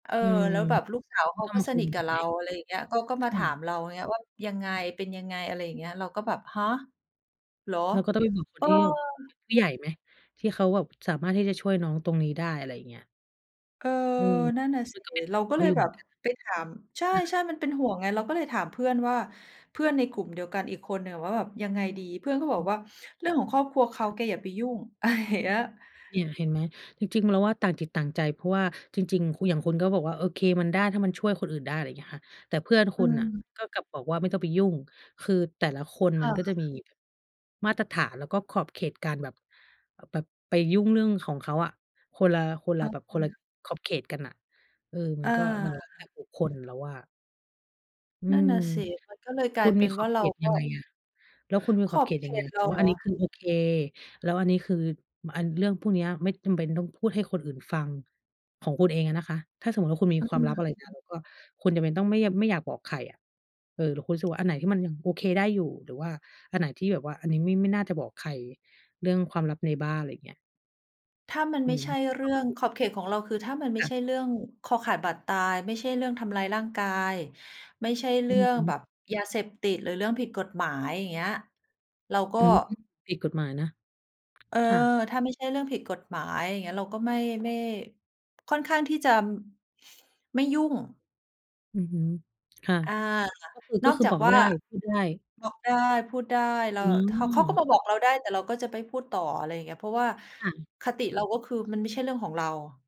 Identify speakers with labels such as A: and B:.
A: เออ
B: อืม
A: แล้วแบบลูกสา
B: ค
A: ว
B: ือ
A: เขา
B: ต้อง
A: ก็
B: มา
A: ส
B: คุ
A: น
B: ย
A: ิท
B: ก
A: กั
B: ั
A: บ
B: น
A: เ
B: ไ
A: ร
B: หม?
A: า อะไรอย่างเงี้ย ก็ ก็
B: ค
A: มา
B: ่
A: ถ
B: ะ
A: ามเรา อย่างเงี้ย ว่า "ยังไง เป็นยังไง?" อะไรอย่างเงี้ย เราก็แบบ ฮะ? เหรอ?
B: เราก็ต้องไปบอกค
A: เ
B: น
A: ออ
B: ที่เป็นผู้ใหญ่ไหม? ที่เขาแบบสามารถที่จะช่วยน้องตรงนี้ได้ อะไรเงี้ย
A: เออ
B: อือ
A: นั่นน่ะ
B: ม
A: ส
B: ั
A: ิ
B: นก็เป็นห
A: เร
B: ่
A: า
B: วงเ
A: ก
B: ข
A: ็
B: า
A: เล
B: อ
A: ย
B: ยู่เ
A: แ
B: ห
A: บ
B: มือน
A: บ
B: กัน
A: ไปถาม ใ
B: นะ ค
A: ช
B: ่ะ
A: ่ ๆ มันเป็นห่วงไง เราก็เลยถามเพื่อนว่า เพื่อนในกลุ่มเดียวกันอีกคนหนึ่งว่าแบบยังไงดี เพื่อนก็บ
B: อ
A: อ
B: ื
A: ก
B: ม
A: ว่า "เรื่องของครอบครัวเข
B: ค
A: า
B: ่ะ
A: แกอย่าไปยุ่ง" อะไรอย่าง เงี้ย
B: เนี่ยเห็นไหม? จริง ๆ เราว่าต่างจิตต่างใจ เพราะว่าจริง ๆ คุณ อย่างคุณก็บอกว่า โอเค มันได้ถ้ามันช่วยคนอื่นได้ อะไรเงี้ยค่ะ แต่เพื่อนค
A: อื
B: ุณน่ะ
A: ม
B: ก็กลับบอกว่าไม่ต้องไปยุ่ง คือแต่ละคน
A: ค
B: มั
A: ่
B: นก็จะ
A: ะ
B: มีแบบมาตรฐาน แล้วก็ขอบเขตการแบบ แบบไปยุ่งเรื่องของเขาอะ คนละ คนล
A: อ
B: ะ
A: ะ
B: แบบ คนละ
A: ฮะ
B: ขอบเขตกันน่ะ เออ มั
A: เอ
B: นก็ มันแล้วแต
A: อ
B: ่บุคคลแล้วอะ อื
A: นั่น
B: ม
A: น่ะสิ มันก็เลยก
B: ค
A: ล
B: ุ
A: าย
B: ณ
A: เป
B: มี
A: ็น
B: ข
A: ว
B: อ
A: ่า
B: บ
A: เ
B: เ
A: ร
B: ข
A: า
B: ต
A: ก
B: ยั
A: ็
B: งไงอะ? แล้วคุณมี
A: ข
B: ขอ
A: อ
B: บเ
A: บ
B: ขต
A: เข
B: ยังไง
A: ต
B: อะ
A: เ
B: ค
A: รา
B: ะว่
A: เ
B: า
A: หร
B: อัน
A: อ?
B: นี้คือ โอเค แล้วอันนี้คือ อัน เรื่องพวกเนี้ยไม่จำเป็นต้องพูดให้คนอื่นฟัง ของคุณเองอะนะคะ ถ้าสมมุติว่าคุณมี
A: อ
B: ความ
A: ื
B: ลับ อะไรเงี้ย
A: ม
B: แล้วก็คุณจำเป็นต้องไม่ ย ไม่อยากบอกใครอะ เออ แล้วคุณรู้สึกว่า อันไหนที่มันยังโอเคได้อยู่ หรือว่าอันไหนที่แบบว่า อันนี้ไม่ ไม่น่าจะบอกใคร เรื่องความลับในบ้าน ไรเงี้ย?
A: ถ้ามัน
B: อ
A: ไ
B: ื
A: ม่
B: อฮ
A: ใช
B: ึ
A: ่เ
B: ค
A: รื่อ
B: ำ
A: ง
B: พูด
A: ขอบเขตของเราคือถ้ามันไม
B: ค
A: ่
B: ่
A: ใ
B: ะ
A: ช่เรื่องคอขาดบาดตาย ไม่ใช่เรื่องทำร้ายร่างกาย ไม่ใช่เร
B: อื
A: ื่
B: อ
A: อ
B: ฮ
A: งแ
B: ึ
A: บบยาเสพติด หรือเรื่องผิดกฎหมาย อย่างเงี้ย เราก็
B: อืม ผิดกฎหมายนะ
A: เออ
B: ค่ะ
A: ถ้าไม่ใช่เรื่องผิดกฎหมาย อย่างเงี้ย เราก็ไม่ ไม่ ค่อนข้างที่จะ ไม่ยุ่ง
B: อือฮึ ค่ะ
A: อา
B: ก็คือ
A: น
B: ก็
A: อก
B: คือ
A: จา
B: บ
A: ก
B: อก
A: ว่
B: ไ
A: า
B: ด้ พูดได้
A: บอกได้ พูดได้ เรา
B: อ
A: ถ เขาก็
B: ืม
A: มาบอกเราได้ แต่เราก็จะไม่พูดต่อ อะไรเงี้ย เพราะว่า
B: ค่ะ
A: คติเราก็คือ มันไม่ใช่เรื่องของเรา